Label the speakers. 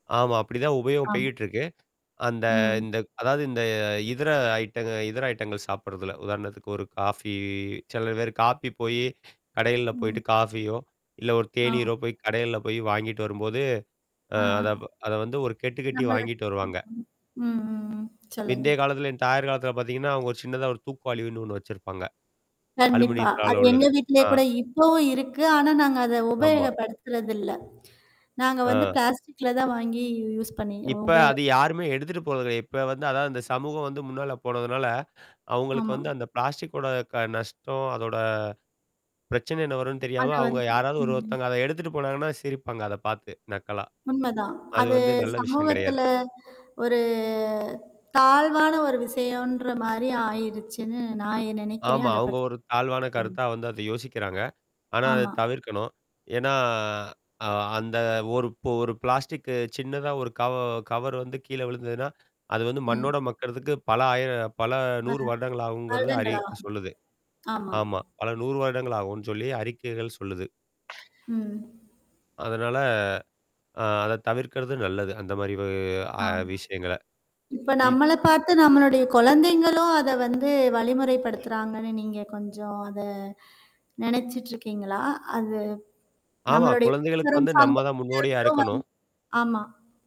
Speaker 1: ஆமா. அப்படிதான் உபயோகம்
Speaker 2: ஆமா.
Speaker 1: பெயட்டு இருக்கு. அந்த
Speaker 2: ம்.
Speaker 1: இந்த அதாவது இந்த இதர ஐட்டங்கள் இதர ஐட்டங்கள் சாப்படுறதல. உதாரணத்துக்கு ஒரு காஃபி சில பேரு காஃபி போயி கடையல போயி்டு
Speaker 2: ம்.
Speaker 1: காஃபியோ இல்ல ஒரு
Speaker 2: ஆமா.
Speaker 1: தேநீரோ போய் கடையல போய் வாங்கிட்டு வரும்போது. அ
Speaker 2: ஆ.
Speaker 1: அத அத வந்து ஒரு கெட்டு கெட்டி
Speaker 2: நம்ம
Speaker 1: வாங்கிட்டு வருவாங்க.
Speaker 2: ம். சொல்லுங்க.
Speaker 1: பிந்தைய காலத்துல என் தாயார் காலத்தல பார்த்தீங்கன்னா, அவங்க ஒரு சின்னதா ஒரு தூக்கு வாலின்னு ஒண்ணு வெச்சிருப்பாங்க.
Speaker 2: கண்டிப்பா. அது
Speaker 1: அலுமினியத்தால
Speaker 2: எங்க
Speaker 1: உள்ளது.
Speaker 2: வீட்லேயே
Speaker 1: ஆ.
Speaker 2: கூட இப்பவும் இருக்கு. ஆனா நாங்க அத
Speaker 1: ஆமா.
Speaker 2: உபயோகப்படுத்துறதில்ல. நாங்க வந்து
Speaker 1: ஆ.
Speaker 2: பிளாஸ்டிக்ல தான் வாங்கி யூஸ் பண்ணிோம்
Speaker 1: இப்ப
Speaker 2: உபயோக
Speaker 1: அது யாருமே எடுத்துட்டு போறதில்ல. இப்ப வந்து அதாவது இந்த சமூகம் வந்து முன்னால போனதுனால, அவங்களுக்கு
Speaker 2: ஆமா.
Speaker 1: வந்து அந்த பிளாஸ்டிக்கோட க நஷ்டம், அதோட பிரச்சனை என்ன வரும்ன்னு
Speaker 2: அத
Speaker 1: தெரியாம. அவவுங்க
Speaker 2: வந்து
Speaker 1: யாராவது ஒரு
Speaker 2: ம்.
Speaker 1: ஒருத்தவங்க அத எடுத்துட்டு போனாங்கன்னா சிரிப்பாங்க அத பார்த்து நக்கலா.
Speaker 2: உண்மதான்.
Speaker 1: அது
Speaker 2: அது
Speaker 1: வந்து நல்ல விஷயம்
Speaker 2: சமூகத்துல
Speaker 1: கிடையாது.
Speaker 2: ஒரு தாழ்வான ஒரு விஷயம்ன்ற மாரி ஆயிருச்சுன்னு நான் நெனைக்கிறேன்.
Speaker 1: ஆமா.
Speaker 2: அத
Speaker 1: அவங்க
Speaker 2: பத்தி.
Speaker 1: ஒரு தாழ்வான
Speaker 2: சொல்லுங்க.
Speaker 1: கருத்தா வந்து அத யோசிக்கிறாங்க. ஆனா அத
Speaker 2: ஆமா.
Speaker 1: தவிர்க்கணும். ஏன்னா அ-அந்த-ஒரு ஒரு பிளாஸ்டிக்கு சின்னதா ஒரு கவ-கவர் வந்து கீழ விழுந்ததுன்னா, அது வந்து
Speaker 2: ம்.
Speaker 1: மண்ணோட மக்குறதுக்கு பல ஆயிர பல
Speaker 2: ஆ.
Speaker 1: 100 வருடங்கள் ஆகும்கறது அறிவிப்பு
Speaker 2: வருடங்காகும்
Speaker 1: சொல்லுது.
Speaker 2: ஆமா.
Speaker 1: ஆமா. பல 100 வருடங்கள் ஆகும்னு சொல்லி அறிக்கைகள் சொல்லுது.
Speaker 2: ம்.
Speaker 1: அதனால ஆ அத தவிர்க்கிறது நல்லது. அந்த மாரி
Speaker 2: ஆமா.
Speaker 1: வ-அ-விஷயங்கள்ல.
Speaker 2: இப்ப
Speaker 1: இ
Speaker 2: நம்மள பார்த்த நம்மளுடைய குழந்தைங்களும் அத வந்து வழிமுறைப்படுத்துறாங்கன்னு நீங்க கொஞ்சம் அத நனச்சுட்டுருக்கீங்களா? அது
Speaker 1: ஆமா.
Speaker 2: நம்மளுடைய.
Speaker 1: குழந்தைகளுக்கு வந்து நம்ம தான் முன்னோடியா இருக்கணும்.
Speaker 2: [unintelligible] அ. ஆமா.